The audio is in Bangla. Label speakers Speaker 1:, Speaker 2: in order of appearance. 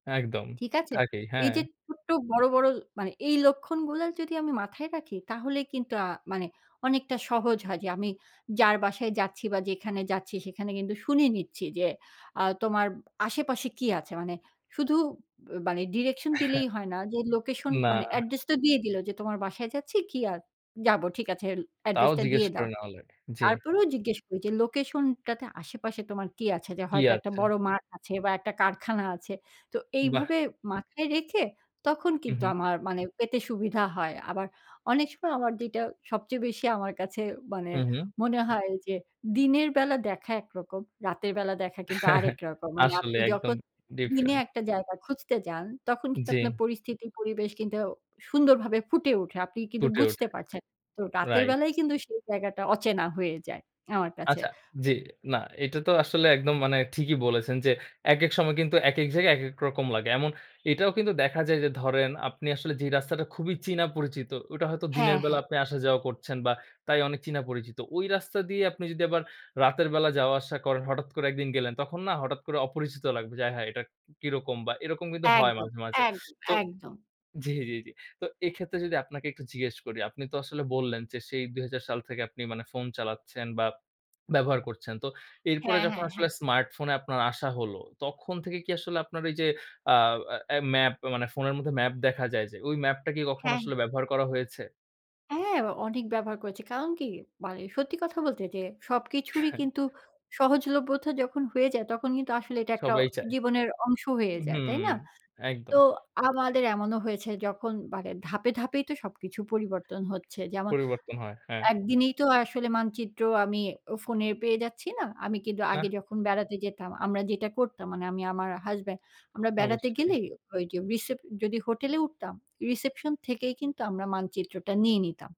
Speaker 1: একদম
Speaker 2: ঠিক আছে?
Speaker 1: থাকেই,
Speaker 2: এইযে
Speaker 1: হ্যাঁ।
Speaker 2: ছোট্ট বড়, বড় মানে এই লক্ষণগুলো যদি আমি মাথায় রাখি, তাহলে কিন্তু আ মানে অনেকটা সহজ হয় যে, আমি যার বাসায় যাচ্ছি বা যেখানে যাচ্ছি সেখানে কিন্তু শুনে নিচ্ছি যে, আ তোমার আশেপাশে কি আছে? মানে শুধু মানে ডিরেকশন
Speaker 1: হ্যাঁ।
Speaker 2: দিলেই হয় না যে লোকেশন,
Speaker 1: না।
Speaker 2: মানে অ্যাড্রেসটা দিয়ে দিলো যে তোমার বাসায় যাচ্ছি কি আর যাব ঠিক আছে
Speaker 1: তাও
Speaker 2: অ্যাড্রেসটা
Speaker 1: জিজ্ঞেস
Speaker 2: দিয়ে
Speaker 1: করে
Speaker 2: দাও।
Speaker 1: নেওয়া লাগে। জি।
Speaker 2: তারপরেও জিজ্ঞেস করি যে লোকেশনটাতে আশেপাশে তোমার কী আছে? যে
Speaker 1: কী
Speaker 2: হয়তো একটা
Speaker 1: আছে?
Speaker 2: বড় মাঠ আছে বা একটা কারখানা আছে। তো
Speaker 1: বাহ!
Speaker 2: এইভাবে মাথায় রেখে তখন
Speaker 1: হুম,
Speaker 2: কিন্তু
Speaker 1: হু।
Speaker 2: আমার মানে, পেতে সুবিধা হয়। আবার অনেক সময় আমার যেটা সবচেয়ে বেশি আমার কাছে মানে,
Speaker 1: হুম, হু।
Speaker 2: মনে হয় যে দিনের বেলা দেখা একরকম। রাতের বেলা দেখা কিন্তু আরেক রকম। মানে
Speaker 1: আসলে
Speaker 2: আপনি
Speaker 1: একদম
Speaker 2: যখন দিনে
Speaker 1: ডিফারেন্ট।
Speaker 2: একটা জায়গা খুঁজতে যান, তখন কিন্তু
Speaker 1: জি।
Speaker 2: আপনার পরিস্থিতি পরিবেশ কিন্তু সুন্দরভাবে ফুটে ওঠে। আপনি কিন্তু
Speaker 1: ফুটে
Speaker 2: বুঝতে
Speaker 1: ওঠে।
Speaker 2: পারছেন। তো রাতের
Speaker 1: রাইট।
Speaker 2: বেলায় কিন্তু সেই জায়গাটা অচেনা হয়ে যায় আমার কাছে।
Speaker 1: আচ্ছা, জি, না এটা তো আসলে একদম মানে ঠিকই বলেছেন যে, একেক সময় কিন্তু একেক জায়গায় একেক রকম লাগে। এমন এটাও কিন্তু দেখা যায় যে ধরেন আপনি আসলে যে রাস্তাটা খুবই চীনা পরিচিত ওটা হয়তো
Speaker 2: হ্যাঁ,
Speaker 1: দিনের বেলা
Speaker 2: হ্যাঁ।
Speaker 1: আপনি আসা যাওয়া করছেন, বা তাই অনেক চীনা পরিচিত। ওই রাস্তা দিয়ে আপনি যদি আবার রাতের বেলা যাওয়া আসা করেন, হঠাৎ করে ১ দিন গেলেন তখন না হঠাৎ করে অপরিচিত লাগবে। যা হ্যাঁ এটা কি কিরকম? বা এরকম কিন্তু হয়
Speaker 2: একদম,
Speaker 1: মাঝে মাঝে।
Speaker 2: একদম,
Speaker 1: তো
Speaker 2: একদম।
Speaker 1: জি, জি, জি। তো এক্ষেত্রে যদি আপনাকে একটু জিজ্ঞেস করি, আপনি তো আসলে বললেন যে সেই ২০০০ সাল থেকে আপনি মানে ফোন চালাচ্ছেন, বা ব্যবহার করছেন। তো এরপরে
Speaker 2: হ্যাঁ,
Speaker 1: যখন
Speaker 2: হ্যাঁ,
Speaker 1: আসলে
Speaker 2: হ্যাঁ।
Speaker 1: স্মার্টফোনে আপনার আসা হলো, তখন থেকে কি আসলে আপনার এই যে আ অ্যা ম্যাপ, মানে ফোনের মধ্যে ম্যাপ দেখা যায় যে, ওই ম্যাপটা কি কখনো
Speaker 2: হ্যাঁ।
Speaker 1: আসলে ব্যবহার করা হয়েছে?
Speaker 2: হ্যাঁ, অ অনেক ব্যবহার করেছে। কারণ কি মানে সত্যি কথা বলতে যে সবকিছুরই কিন্তু সহজলভ্যতা যখন হয়ে যায়, তখন কিন্তু আসলে এটা একটা
Speaker 1: সবাই চায়।
Speaker 2: জীবনের অংশ হয়ে যায়, তাই
Speaker 1: হুম,
Speaker 2: না?
Speaker 1: একদম।
Speaker 2: তো আমাদের এমনও হয়েছে যখন মানে ধাপে, ধাপেই তো সবকিছু পরিবর্তন হচ্ছে। যেমন
Speaker 1: পরিবর্তন হয়। হ্যাঁ।
Speaker 2: একদিনেই তো আসলে মানচিত্র আমি অ ফোনে পেয়ে যাচ্ছি না। আমি কিন্তু আগে
Speaker 1: না।
Speaker 2: যখন বেড়াতে যেতাম, আমরা যেটা করতাম মানে আমি আমার হাসব্যান্ড আমরা বেড়াতে
Speaker 1: অবশ্যই।
Speaker 2: গেলেই ঐযে, রিসেপ যদি হোটেলে উঠতাম রিসেপশন থেকেই কিন্তু আমরা মানচিত্রটা নিয়ে নিতাম।